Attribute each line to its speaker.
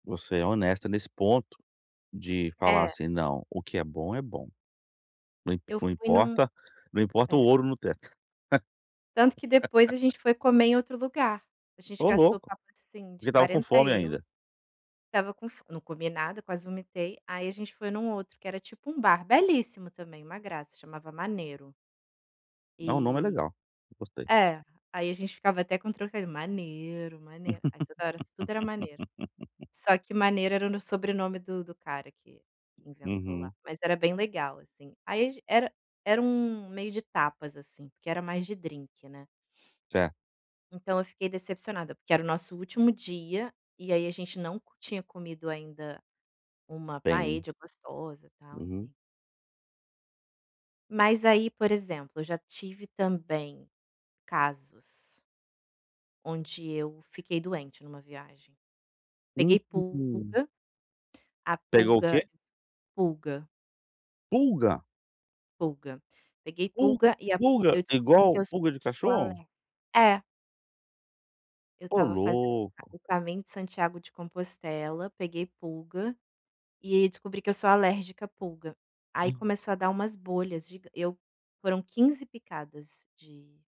Speaker 1: Você é honesta nesse ponto de falar
Speaker 2: É.
Speaker 1: assim: "Não, o que é bom é bom. Não
Speaker 2: Eu
Speaker 1: não
Speaker 2: fui em um
Speaker 1: importa não importa o
Speaker 2: É.
Speaker 1: ouro no teto".
Speaker 2: Tanto que depois a gente foi comer em outro lugar, a gente
Speaker 1: Ô
Speaker 2: gastou
Speaker 1: louco,
Speaker 2: papo assim de
Speaker 1: porque estava com
Speaker 2: 40
Speaker 1: fome
Speaker 2: euros,
Speaker 1: ainda.
Speaker 2: estava com fo não comi nada, quase vomitei, aí a gente foi em um outro que era tipo um bar belíssimo também, uma graça, chamava Manero.
Speaker 1: No nome é
Speaker 2: E
Speaker 1: legal, eu gostei.
Speaker 2: é, aí a gente ficava até com o trocadilho "Manero, Manero", aí toda hora tudo era Manero. Só que Maneiro era no sobrenome do do cara que que inventou lá,
Speaker 1: Uhum.
Speaker 2: mas era bem legal assim, aí ag era era um meio de tapas assim porque era mais de drinque, né.
Speaker 1: Certo.
Speaker 2: Então eu fiquei decepcionada porque era o nosso último dia, e aí a gente não tinha comido ainda uma
Speaker 1: Tem.
Speaker 2: paella gostosa, tal
Speaker 1: Uhum.
Speaker 2: enfim. Mas aí por exemplo, eu já tive também casos Onde eu fiquei doente em uma viagem, peguei
Speaker 1: Hum.
Speaker 2: pulga, a
Speaker 1: Pegou o
Speaker 2: pulga
Speaker 1: que?
Speaker 2: pulga,
Speaker 1: Pulga.
Speaker 2: Pulga, peguei pulga
Speaker 1: Pulga
Speaker 2: e a pul
Speaker 1: pulga
Speaker 2: eu
Speaker 1: é
Speaker 2: descobri que
Speaker 1: igual
Speaker 2: eu
Speaker 1: pulga de
Speaker 2: sou
Speaker 1: cachorro.
Speaker 2: alergica é. Eu
Speaker 1: Ô
Speaker 2: estava fazendo
Speaker 1: louco.
Speaker 2: o caminho de Santiago de Compostela, peguei pulga, e ai descobri que eu sou alérgica a pulga, aí
Speaker 1: Hum.
Speaker 2: começou a dar umas bolhas gigan eu foram 15 picadas de